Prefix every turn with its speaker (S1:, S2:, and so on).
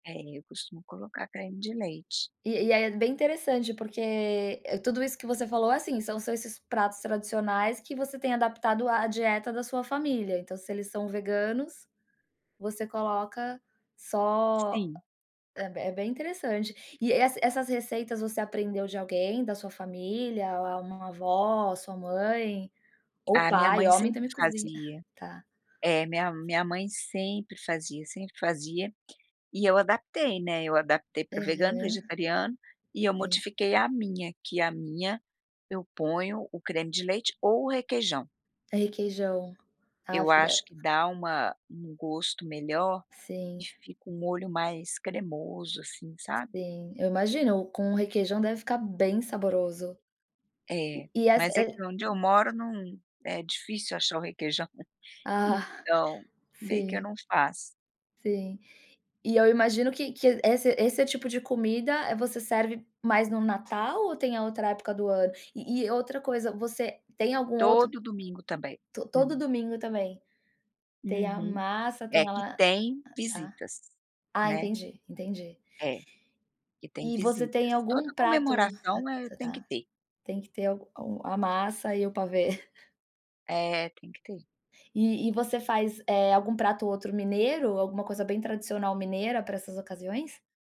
S1: É eu costumo colocar creme de leite.
S2: E e aí, é bem interessante, porque, eh, tudo isso que você falou é, assim, são são esses pratos tradicionais que você tem adaptado à dieta da sua família, então se eles são veganos, você coloca só,
S1: Sim.
S2: é b é bem interessante. E es essas receitas você aprendeu de alguém, da sua família, ou uma avó, sua mãe, ou
S1: A minha
S2: pai,
S1: mãe
S2: homem
S1: sempre
S2: também cozinha.
S1: fazia,
S2: Tá.
S1: é minha minha mãe sempre fazia sempre fazia, e eu adaptei, né, eu adaptei para o vegano,
S2: Aham.
S1: vegetariano e eu
S2: Sim.
S1: modifiquei a minha, que a minha eu ponho o creme de leite ou o requeijão.
S2: Requeijão.
S1: Eu
S2: [unintelligible]
S1: acho que dá uma um gosto melhor e
S2: Sim.
S1: fica um molho mais cremoso assim, sabe?
S2: Sim, eu imagino, com o requeijão deve ficar bem saboroso. E
S1: É,
S2: e essa
S1: mas é que
S2: receita.
S1: onde eu moro não é difícil achar o requeijão,
S2: Ah,
S1: então meio que eu
S2: sim.
S1: não faço.
S2: Sim. E eu imagino que que esse esse tipo de comida, eh, você serve mais no Natal ou tem a outra época do ano? E e outra coisa você tem algum outro
S1: Todo domingo também.
S2: todo
S1: Hum.
S2: domingo também, tem a
S1: Uhum,
S2: massa,
S1: é,
S2: tem a
S1: que
S2: la
S1: tem
S2: tá.
S1: visitas,
S2: Ah
S1: né.
S2: entendi, entendi.
S1: É, que tem
S2: E você tem
S1: visitas.
S2: algum
S1: Toda
S2: prato, hum
S1: comemoração é tem que
S2: tá,
S1: ter.
S2: tem que ter algum a massa e o pavê.
S1: É, tem que ter.
S2: E e você faz, eh, algum prato ou outro mineiro, alguma coisa bem tradicional mineira pra essas ocasiões?